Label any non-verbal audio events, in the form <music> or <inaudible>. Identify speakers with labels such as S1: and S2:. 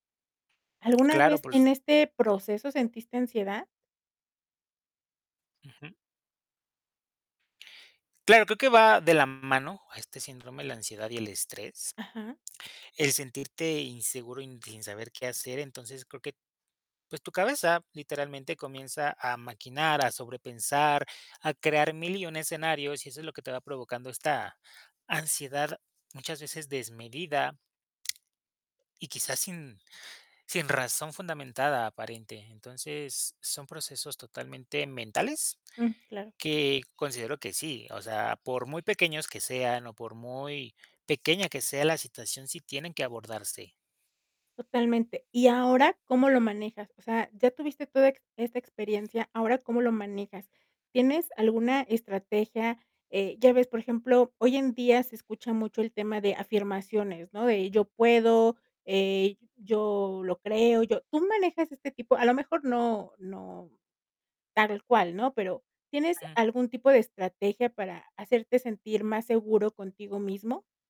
S1: ¿Alguna
S2: Claro,
S1: vez
S2: <unintelligible>
S1: en este proceso sentiste ansiedad?
S2: Ujú. Claro, creo que va de la mano a este síndrome, la ansiedad y el estrés,
S1: Ajá.
S2: el sentirte inseguro y n sin saber qué hacer, entonces, creo que, pues, tu cabeza, literalmente, comienza a maquinar, a sobrepensar, a crear mil y un escenarios, y eso es lo que te va provocando esta ansiedad, muchas veces desmedida, y quizás sin sin razón fundamentada, aparente. Entonces, son procesos totalmente mentales
S1: Mm, claro.
S2: que considero que sí, o sea, por muy pequeños que sean, o por muy pequeña que sea la situación, sí tienen que abordarse.
S1: Totalmente, y ahora, ¿cómo lo manejas? O sea, ya tuviste toda ex esta experiencia, ¿ahora cómo lo manejas? ¿Tienes alguna estrategia? Eh, ya ves, por ejemplo, hoy en día se escucha mucho el tema de afirmaciones, ¿no? De yo puedo, eh, yo lo creo, yo tú manejas este tipo a lo mejor no no tal cual, ¿no? Pero, ¿tienes algún tipo de estrategia, para hacerte sentir más seguro contigo mismo?